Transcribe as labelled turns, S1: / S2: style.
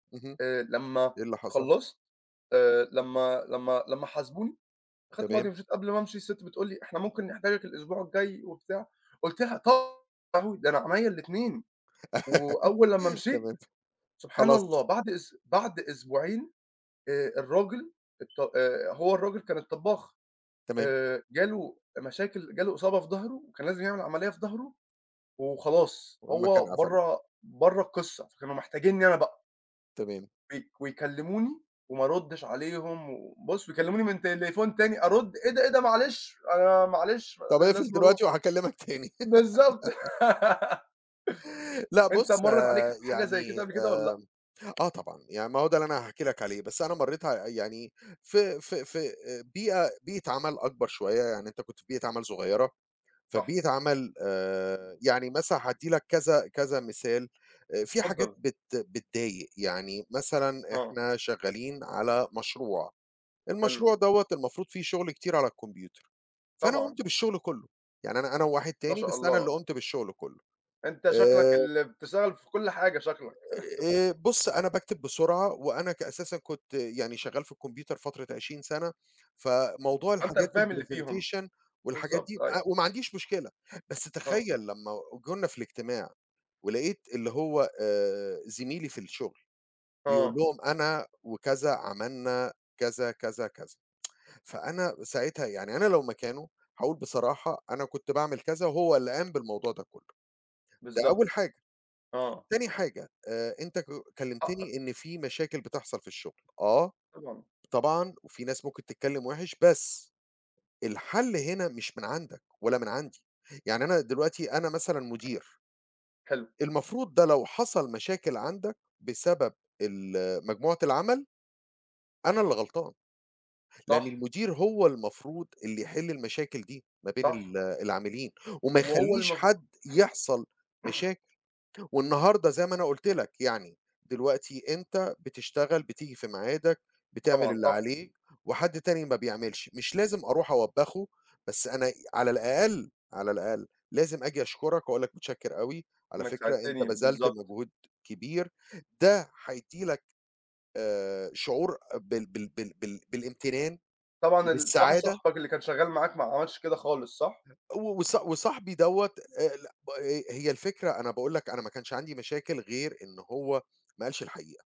S1: اهم
S2: آآ لمّا
S1: إيه اللي حصل؟
S2: خلّصت آآ لمّا لمّا لمّا حاسبوني، خدت بعضي
S1: تمام.
S2: ومشيت قبل ما أمشي الست بتقول لي: "إحنا ممكن نحتاجَك الأسبوع الجاي وبتاع" قُلت لها: "طبع يا لهوي ده أنا عينيا الإتنين." وأول لمّا مشيت،
S1: تمام
S2: سبحان الله
S1: خلاص.
S2: بعد أس بعد أسبوعين آآ الراجل الط آآ هو الراجل كان الطبّاخ
S1: تمام.
S2: آآ جاله مشاكل جاله إصابة في ضهره كان لازم يعمل عملية في ضهره وخلاص
S1: والمكان
S2: هو
S1: قَفل.
S2: برّا برّا القصّة فكانوا محتاجينّي أنا بقى.
S1: تمام
S2: وي ويكلموني وما أردش عليهم، وبُص ويكلموني من تليفون تاني أرد إيه ده إيه ده معلش أنا معلش
S1: طَب اقفل
S2: لازم أروح.
S1: دلوقتي وهاكلمك تاني
S2: بالضبط
S1: لأ
S2: أنت
S1: بُص
S2: مرّت عليك حاجة زي
S1: يعني
S2: كده قبل
S1: آمم
S2: كده والّا لأ؟
S1: آه طبعًا، يعني ما هو ده اللي أنا هاحكي لَك عليه، بس أنا مرّيت آآ يعني في في في آآ بيئة بيئة عَمل أكبر شوية يعني أنت كنت في بيئة عمل صغيرة،
S2: صح.
S1: فبيئة عمل آآ يعني مثلًا هادّي لَك كذا كذا مثال آآ فيه حاجات
S2: اتفضّل.
S1: بت بتضايق، يعني مثلًا
S2: آه.
S1: إحنا شغّالين على مشروع،
S2: حلو.
S1: المشروع دوّة المفروض فيه شغل كتير على الكمبيوتر، فأنا
S2: طبعًا.
S1: قُمت بالشغل كله، يعني أنا أنا وواحد
S2: ما
S1: تاني
S2: شاء
S1: بس أنا
S2: الله.
S1: اللي قُمت بالشغل كُلّه.
S2: أنت شكلَك
S1: آآ
S2: ال بتشتغل في كل حاجة شكلَك
S1: آآ بُص أنا باكتب بسرعة وأنا ك أساسًا كنت يعني شغّال في الكمبيوتر فترة 20 سنة، فموضوع
S2: فأنت
S1: الحاجات
S2: الفاهم اللي فيهم،
S1: الpresentation والحاجات
S2: بالضبط
S1: دي
S2: أيوه.
S1: أ وما عنديش مشكلة، بس
S2: آه.
S1: تخيّل لمّا جولنا في الاجتماع، ولقيت اللي هو آآ زميلي في الشغل، بيقول
S2: آه.
S1: لهم: "أنا وكذا عملنا كذا كذا كذا" فأنا ساعتها يعني أنا لو مكانه هاقول بصراحة أنا كنت باعمل كذا، وهو اللي قام بالموضوع ده كله، ده
S2: بالضبط
S1: أول حاجة،
S2: آه.
S1: تاني حاجة آآ أنت ك
S2: حقَّك.
S1: كلمتني إن فيه مشاكل بتحصل في الشغل آه
S2: طبعًا.
S1: طبعًا وفيه ناس ممكن تتكلم وِحِش بس الحل هنا مش من عندَك ولا من عندي يعني أنا دلوقتي أنا مثلًا مدير
S2: حلو.
S1: المفروض ده لو حصل مشاكل عندَك بسبب ال مجموعة العمل أنا اللي غلطان، لأن
S2: صح.
S1: المدير هو المفروض اللي يحل المشاكل دي ما بين
S2: صح.
S1: ال العاملين، وما
S2: وهو
S1: يخليش
S2: المف
S1: حد يحصل مشاكل، والنهاردة زي ما أنا قُلت لَك، يعني دلوقتي أنت بتشتغل بتيجي في ميعادك، بتعمل
S2: طبعًا
S1: اللي
S2: صح.
S1: عليك وحد تاني ما بيعملش، مش لازم أروح أوبّخه بس أنا على الأقل على الأقل لازم أجي أشكُرَك وأقول لَك متشكِّر أوي على
S2: إنَّك
S1: فكرة أنت
S2: ساعدتني
S1: بذلت
S2: بالضبط.
S1: مجهود كبير، ده هيدّي لَك آآ شعور بال بال بال بالإمتنان
S2: طبعًا ال صاحب
S1: وبالسعادة.
S2: صاحبك اللي كان شغّال معاك ما عملش كده خالص، صح؟
S1: وص وصاحبي دوّة آآ ال آآ هي الفكرة أنا باقول لَك أنا ما كانش عندي مشاكل غير إن هو ما قالش الحقيقة.